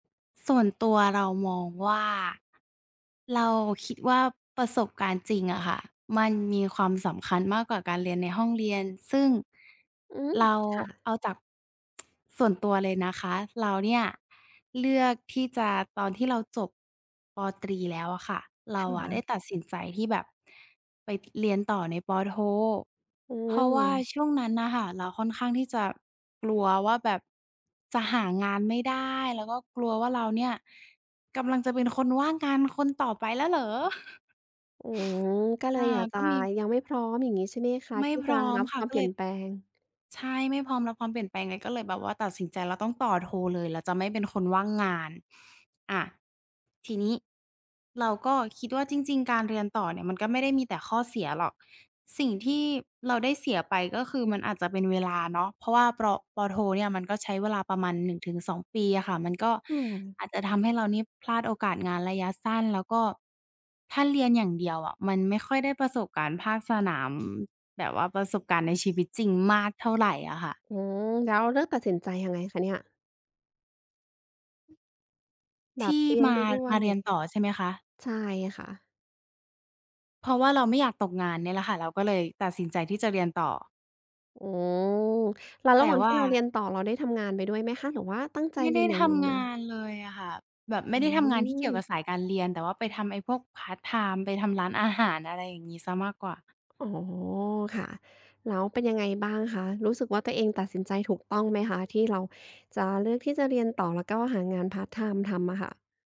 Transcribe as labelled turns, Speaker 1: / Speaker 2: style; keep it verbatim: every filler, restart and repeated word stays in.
Speaker 1: ส่วนตัวเรามองว่า เราคิดว่าประสบการณ์จริงอะค่ะ มันมีความสำคัญมากกว่าการเรียนในห้องเรียน ซึ่ง
Speaker 2: อืม
Speaker 1: เรา
Speaker 2: ค่ะ
Speaker 1: เอาจาก ส่วนตัวเลยนะคะ เราเนี่ยเลือกที่จะ ตอนที่เราจบ ป.ตรี แล้วอะค่ะ เร
Speaker 2: ค
Speaker 1: าอ
Speaker 2: ่
Speaker 1: ะได้
Speaker 2: ะ
Speaker 1: ตัดสินใจที่แบบ ไป ต เรียนต่อใน ป.โท
Speaker 2: อื
Speaker 1: เพราะว่า
Speaker 2: ม
Speaker 1: ช่วงนั้นน่ะค่ะเราค่อนข้างที่จะกลัวว่าแบบจะหางานไม่ได้ แล้วก็กลัวว่าเราเนี่ยกำลังจะเป็นคนว่างงานคนต่อไปแล้วเหรอ?
Speaker 2: อืม ก็เ
Speaker 1: อ
Speaker 2: ล
Speaker 1: า
Speaker 2: ยอยาก
Speaker 1: ก
Speaker 2: จ
Speaker 1: ็
Speaker 2: ะ
Speaker 1: มี
Speaker 2: ยังไม่พร้อมอย่างนี้ใช่ไหมคะ?
Speaker 1: ไม่
Speaker 2: ที่
Speaker 1: พ
Speaker 2: จ
Speaker 1: ร
Speaker 2: ะ
Speaker 1: ้อม
Speaker 2: รับ
Speaker 1: ค่
Speaker 2: ค
Speaker 1: ะ
Speaker 2: วาม
Speaker 1: ก็
Speaker 2: เปล
Speaker 1: เ
Speaker 2: ี
Speaker 1: ล
Speaker 2: ่ย
Speaker 1: ย
Speaker 2: นแปลง
Speaker 1: ใช่ ไม่พร้อมรับความเปลี่ยนแปลงไง ก็เลยแบบว่าตัดสินใจ แล้วต้องต่อโทเลย เราจะไม่เป็นคนว่างงาน อ่า ทีนี้เราก็คิดว่าจริง ๆ การเรียนต่อเนี่ยมันก็ไม่ได้มีแต่ข้อเสียหรอก สิ่งที่เราได้เสียไปก็คือมันอาจจะ เป็นเวลาเนาะ เพราะว่า ปรอ ป.โทเนี่ย มันก็ใช้เวลาประมาณ หนึ่งถึงสอง ปีอะค่ะ มันก็
Speaker 2: อืม
Speaker 1: อาจจะทำให้เรานี่พลาดโอกาสงานระยะสั้น แล้วก็ถ้าเรียนอย่างเดียวอะมันไม่ค่อยได้ประสบการณ์ภาค สนาม แบบว่าประสบการณ์ในชีวิตจริงมากเท่าไรอะค่ะ
Speaker 2: อืม แล้วเลือกตัดสินใจยังไงคะเนี่ย? แ
Speaker 1: ท
Speaker 2: บ
Speaker 1: ี
Speaker 2: บ
Speaker 1: ่
Speaker 2: เรีย
Speaker 1: ม
Speaker 2: น
Speaker 1: า
Speaker 2: ไปด้ว
Speaker 1: มา
Speaker 2: ย
Speaker 1: เรียนต่อใช่ไหมคะ?
Speaker 2: ใช่ค่ะ
Speaker 1: เพราะว่าเราไม่อยากตกงานเนี่ยแหละค่ะ เราก็เลยตัดสินใจที่จะเรียนต่อ
Speaker 2: โอ้ แล้ว
Speaker 1: แ
Speaker 2: ร
Speaker 1: ต
Speaker 2: ะ
Speaker 1: ่
Speaker 2: หว่าง
Speaker 1: ว
Speaker 2: ที
Speaker 1: ่
Speaker 2: ่
Speaker 1: า
Speaker 2: เราเรียนต่อ เราได้ทำงานไปด้วยไหมคะ หรือว่าตั้งใจ
Speaker 1: ไม่
Speaker 2: เร
Speaker 1: ไ
Speaker 2: ี
Speaker 1: ด้
Speaker 2: ยนอย่าง
Speaker 1: ท
Speaker 2: เดียว
Speaker 1: ำง
Speaker 2: เ
Speaker 1: า
Speaker 2: ลย?
Speaker 1: นเลยอะค่ะ แบบไม่
Speaker 2: อื
Speaker 1: ได้ทำงานที่เกี่ยวกั
Speaker 2: ม
Speaker 1: บสายการเรียน แต่ว่าไปทำไอ้พวกพาร์ตไทม์ ไปทำร้านอาหาร อะไรอย่างงี้เสียมากกว่า
Speaker 2: อ๋อ ค่ะ แล้วเป็นยังไงบ้างคะ รู้สึกว่าตัวเองตัดสินใจถูกต้องไหมคะ? ที่เราจะเลือกที่จะเรียนต่อ แล้วก็หางานพาร์ตไทม์ทำอะค่ะ